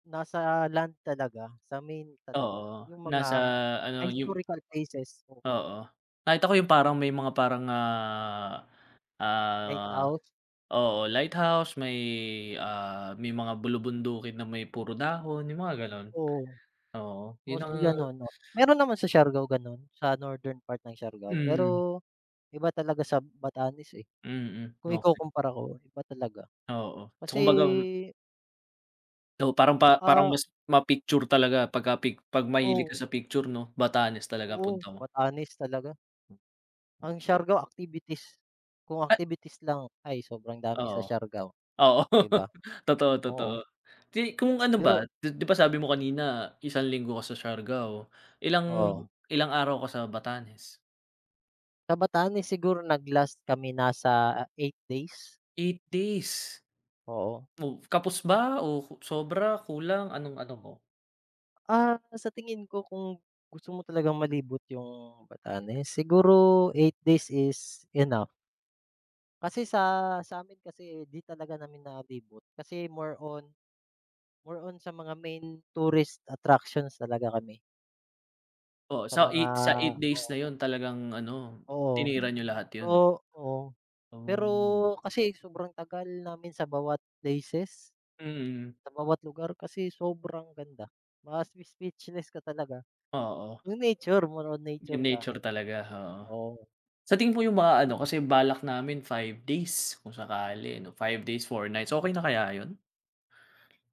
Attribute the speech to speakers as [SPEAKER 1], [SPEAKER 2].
[SPEAKER 1] Nasa land talaga, sa main talaga.
[SPEAKER 2] Oo,
[SPEAKER 1] Yung
[SPEAKER 2] nasa
[SPEAKER 1] mga um,
[SPEAKER 2] ano
[SPEAKER 1] may
[SPEAKER 2] yung
[SPEAKER 1] historical places dun.
[SPEAKER 2] Oo. Kahit ako yung parang may mga parang, ah, ah,
[SPEAKER 1] Lighthouse.
[SPEAKER 2] oo, lighthouse may ah, may mga bulubundukin na may puro dahon yung mga ganun.
[SPEAKER 1] Oo.
[SPEAKER 2] Oo, yun ang
[SPEAKER 1] Mostly ganun no, meron naman sa Siargao ganun sa northern part ng Siargao
[SPEAKER 2] Hmm.
[SPEAKER 1] pero, iba talaga sa Batanes eh.
[SPEAKER 2] Mm,
[SPEAKER 1] Kung
[SPEAKER 2] okey.
[SPEAKER 1] ikukumpara ko iba talaga
[SPEAKER 2] Oo, so
[SPEAKER 1] kasi
[SPEAKER 2] kumbaga m O parang
[SPEAKER 1] Hmm,
[SPEAKER 2] pa parang
[SPEAKER 1] ah
[SPEAKER 2] mas ma-picture talaga pagka-pic 'pag mahilig ka
[SPEAKER 1] Oo.
[SPEAKER 2] sa picture 'no, Batanes talaga
[SPEAKER 1] Oo,
[SPEAKER 2] punta mo.
[SPEAKER 1] Batanes talaga. Ang
[SPEAKER 2] Okey.
[SPEAKER 1] Siargao activities, kung
[SPEAKER 2] At
[SPEAKER 1] activities lang ay sobrang dami
[SPEAKER 2] Oo,
[SPEAKER 1] sa Siargao,
[SPEAKER 2] oo,
[SPEAKER 1] di ba?
[SPEAKER 2] totoo, totoo,
[SPEAKER 1] Oo.
[SPEAKER 2] di kung ano
[SPEAKER 1] Pero
[SPEAKER 2] ba di di ba sabi mo kanina 1 linggo ka sa Siargao, ilang
[SPEAKER 1] Oo.
[SPEAKER 2] ilang araw ka sa Batanes?
[SPEAKER 1] Sa Batanes siguro nag-last kami nasa, 8 days.
[SPEAKER 2] 8 days.
[SPEAKER 1] Oo.
[SPEAKER 2] O kapos ba? O sobra, kulang, anong-ano mo?
[SPEAKER 1] Ah, sa tingin ko kung gusto mo talagang malibot yung Batanes, siguro 8 days is enough. Kasi sa sa akin kasi di talaga namin nalibot kasi more on more on sa mga main tourist attractions talaga kami.
[SPEAKER 2] O
[SPEAKER 1] Sa
[SPEAKER 2] so
[SPEAKER 1] mga
[SPEAKER 2] 8, sa 8 days
[SPEAKER 1] oo.
[SPEAKER 2] na yun talagang ano
[SPEAKER 1] Oo.
[SPEAKER 2] tinira niyo lahat
[SPEAKER 1] So
[SPEAKER 2] yun?
[SPEAKER 1] oo, pero
[SPEAKER 2] Oh.
[SPEAKER 1] kasi sobrang tagal namin sa bawat places
[SPEAKER 2] Mm.
[SPEAKER 1] sa bawat lugar kasi sobrang ganda. Ma-speechless ka talaga.
[SPEAKER 2] Oo.
[SPEAKER 1] Yung nature, more on nature
[SPEAKER 2] Yung
[SPEAKER 1] ka.
[SPEAKER 2] nature talaga oo.
[SPEAKER 1] Oo.
[SPEAKER 2] Sa tingin po yung mga ano kasi balak namin 5 days kung sakali 'no, 5 days 4 nights, okey na kaya yun?